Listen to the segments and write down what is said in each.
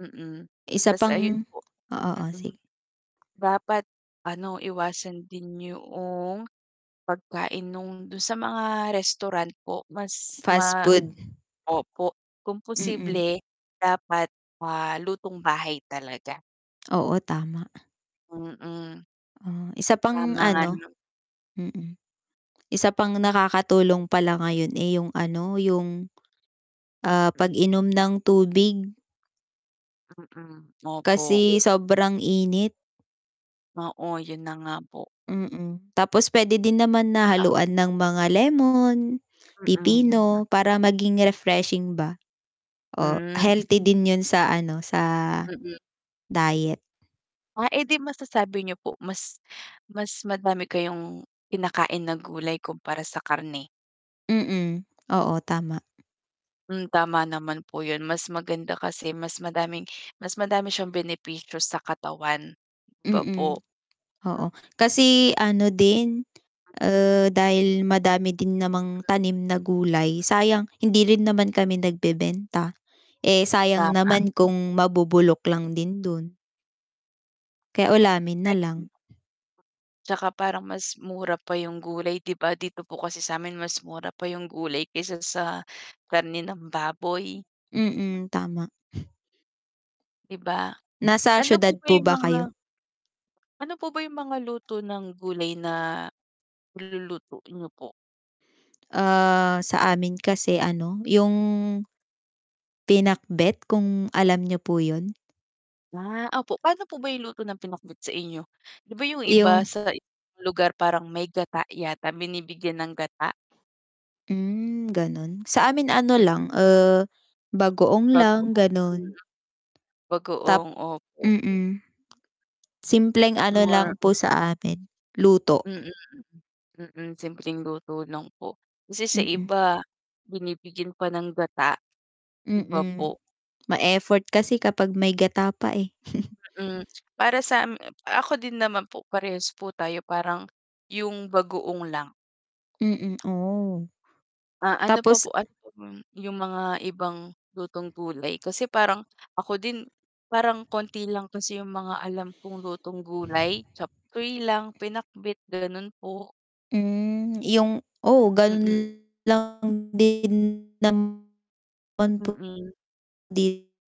Mm, Isa tas ayun pang po, oo mm. sige. Dapat ano iwasan din yung pagkain nung dun sa mga restaurant po mas Fast ma food. opo, kung Mm. posible dapat, ah, lutong bahay talaga. Oo, tama. Mm. Ah, isa pang Tama nga ano, naman. mm. Isa pang nakakatulong pala ngayon, eh, yung ano, yung, ah, Mm. pag-inom ng tubig. Mm, opo. Kasi sobrang init. Oo, yun na nga po. Mm, tapos pwede din naman Tsaka nahaluan ng mga lemon, Mm, mm. pipino para maging refreshing ba o Mm. healthy din yun sa ano, sa Mm. diet. Ah, eh, di masasabi niyo po mas mas madami kayong kinakain na gulay kumpara sa karne. Mm, oo tama. Mm, tama naman po yun mas maganda kasi mas madaming mas madami siyang benepisyo sa katawan, 'di ba Mm. po? Oo, kasi ano din, ah, dahil madami din namang tanim na gulay, sayang hindi rin naman kami nagbebenta. Eh, sayang Tama. naman kung mabubulok lang din dun. Kaya ulamin na Kahit lang. m Tsaka parang mas mura pa yung gulay 'di ba? Dito po kasi sa'min mas mura pa yung gulay kaysa sa karne ng baboy. Mm, tama. 'Di ba? Nasa ano po siyudad ba po yung ba mga kayo? Ano po ba yung mga luto ng gulay na niluluto niyo po? Ah, sa amin kasi ano, yung pinakbet kung alam niyo po yun? Ah, opo paano po ba yung luto ng pinakbet sa inyo? 'Di ba yung iba Yung sa ibang lugar parang may gata yata, binibigyan ng gata? Mm, ganun. Sa amin ano Mm. lang, ah, bagoong lang Bagoong, mm. ganun. Bagoong Tap opo. mm. Simpleng ano More lang po sa amin luto. Mm. Mm, simpleng luto lang po, kasi sa Mm. iba binibigyan pa ng gata, 'di ba Mm, po? ma-effort kasi kapag may gata pa, eh. Mm, para sa, m ako din naman po parehas po tayo parang yung bagoong lang. Mm. Oh. Ah, ano pa Tapos po ano pa yung mga ibang lutong gulay? Kasi parang ako din parang konti lang kasi yung mga alam kong lutong gulay chopsuey lang pinakbet, ganun po. Mm, yung oo Mm. ganun lang din naman po Mm. dito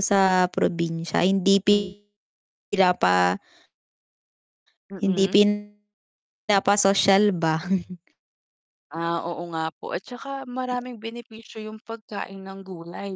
sa probinsya hindi pi Mm. sila pa Hindi Mm. pinanapasosyal ba. Ah, oo nga po. At saka [unintelligible] maraming benepisyo yung pagkain ng gulay.